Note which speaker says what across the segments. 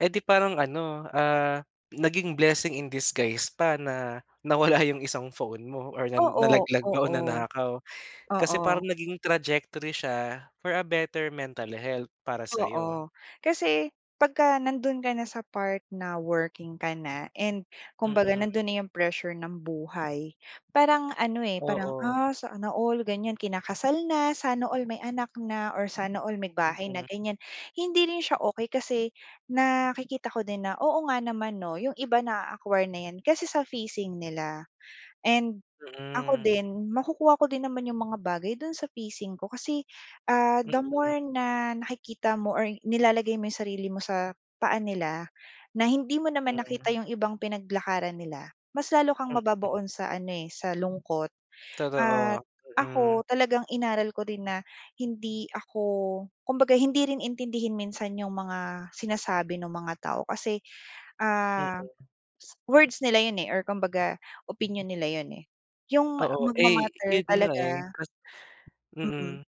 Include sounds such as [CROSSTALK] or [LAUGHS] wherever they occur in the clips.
Speaker 1: Eh, 'di parang ano, ah, naging blessing in disguise pa na nawala 'yong isang phone mo or na
Speaker 2: Oo,
Speaker 1: nalaglag ba o
Speaker 2: oo.
Speaker 1: nanakaw. Kasi
Speaker 2: Oo.
Speaker 1: parang naging trajectory siya, for a better mental health para sa'yo.
Speaker 2: Oo. Kasi, pagka nando'n ka na sa part na working ka na and kumbaga
Speaker 1: Mm.
Speaker 2: nando'n na 'yong pressure ng buhay, parang ano, eh, parang,
Speaker 1: Oo.
Speaker 2: ah, sana all, ganiyan, kinakasal na, sana all may anak na, or sana all may bahay na,
Speaker 1: Mm.
Speaker 2: ganiyan. Hindi rin siya okey, kasi nakikita ko din na, oo nga naman, 'no, 'yong iba na-a-acquire na 'yan kasi sa phasing nila. And ako
Speaker 1: Mm.
Speaker 2: din, makukuha ko din naman 'yong mga bagay do'n sa phasing ko kasi, ah, the
Speaker 1: Mm.
Speaker 2: more na nakikita mo or nilalagay mo 'yong sarili mo sa paa nila, na hindi mo naman nakita
Speaker 1: Mm.
Speaker 2: 'yong ibang pinaglakaran nila, mas lalo kang
Speaker 1: Mm.
Speaker 2: mababaon sa ano, eh, sa lungkot.
Speaker 1: Totoo,
Speaker 2: At ako,
Speaker 1: mm.
Speaker 2: talagang inaral ko din na hindi ako kumbaga hindi rin intindihin minsan 'yong mga sinasabi no'ng mga tao kasi, ah,
Speaker 1: Mm.
Speaker 2: s words nila 'yon, eh, or kumbaga opinyon nila 'yon, eh. 'Yong ma
Speaker 1: Oo. Eh,
Speaker 2: magma-matter
Speaker 1: 'yon nga, eh,
Speaker 2: talaga
Speaker 1: kas
Speaker 2: mm,
Speaker 1: mm.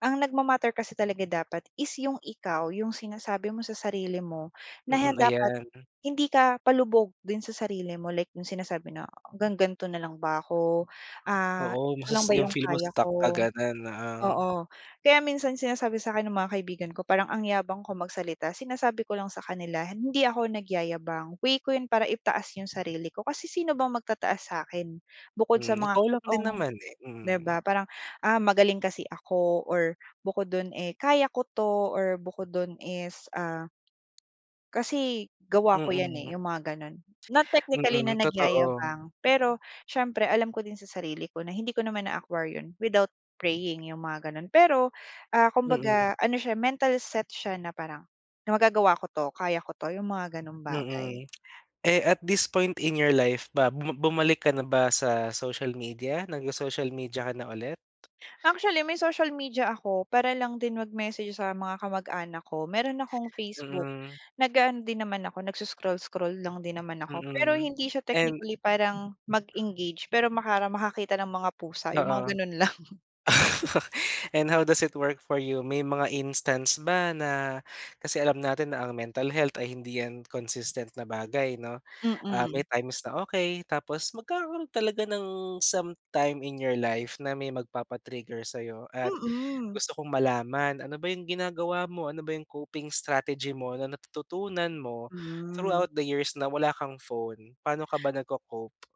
Speaker 2: ang nagma-matter kasi talaga dapat is 'yong ikaw, 'yong sinasabi mo sa sarili mo na
Speaker 1: Mm,
Speaker 2: dapat,
Speaker 1: ayan.
Speaker 2: hindi ka palubog din sa sarili mo, like 'yong sinasabi na hanggang ganito na lang ba ako, ah,
Speaker 1: Oo.
Speaker 2: ito lang
Speaker 1: Masus
Speaker 2: ba
Speaker 1: 'yong
Speaker 2: 'yong
Speaker 1: feel mo
Speaker 2: kaya
Speaker 1: stuck ka
Speaker 2: ko
Speaker 1: gano'n, oo.
Speaker 2: oo. Kaya minsan sinasabi sa'kin ng mga kaibigan ko, parang ang yabang ko magsalita, sinasabi ko lang sa kanila, "Hindi ako nagyayabang, way ko 'yon para itaas 'yong sarili ko" kasi sino bang magtataas sa'kin? Bukod sa
Speaker 1: Hmm,
Speaker 2: mga
Speaker 1: ikaw lang din
Speaker 2: totoong
Speaker 1: naman, eh,
Speaker 2: 'di
Speaker 1: mm.
Speaker 2: ba, parang, ah, magaling kasi ako, or bukod do'n, eh, kaya ko 'to, or bukod dun is ah kasi gawa ko yan,
Speaker 1: Mm.
Speaker 2: eh, 'yong mga gano'n. Not technically
Speaker 1: Mm,
Speaker 2: na
Speaker 1: totoo.
Speaker 2: nagyayabang, pero siyempre alam ko din sa sarili ko na hindi ko naman na-acquire 'yon without praying, 'yong mga gano'n. Pero, ah,
Speaker 1: Mm.
Speaker 2: kumbaga ano siya, mental set siya na parang, na magagawa ko 'to, kaya ko 'to, 'yong mga gano'ng bagay.
Speaker 1: Mm. [CLICKS TONGUE] Eh, at this point in your life ba, bu bumalik ka na ba sa social media? Nagso-social media ka na ulit?
Speaker 2: Actually, may social media ako, para lang din mag-message sa mga kamag-anak ko. Meron akong Facebook,
Speaker 1: Mm.
Speaker 2: nag-aano din naman ako nagso-scroll-scroll lang din naman ako. Pero
Speaker 1: Mm,
Speaker 2: hindi siya
Speaker 1: and
Speaker 2: technically parang, mag-engage pero makara makakita ng mga pusa, 'yong mga
Speaker 1: Oo.
Speaker 2: gano'n lang.
Speaker 1: [LAUGHS] And how does it work for you? May mga instance ba na kasi alam natin na ang mental health ay hindi 'yan consistent na bagay, 'no. Ah, may
Speaker 2: Mm.
Speaker 1: times na okay, tapos magkakaroon talaga ng sometime in your life na may magpapa-trigger sa'yo. At
Speaker 2: Mm.
Speaker 1: gusto kong malaman, ano ba 'yong ginagawa mo? Ano ba 'yong coping strategy mo natututunan mo
Speaker 2: Mm.
Speaker 1: throughout the years na wala kang phone? Paano ka ba nagco-cope?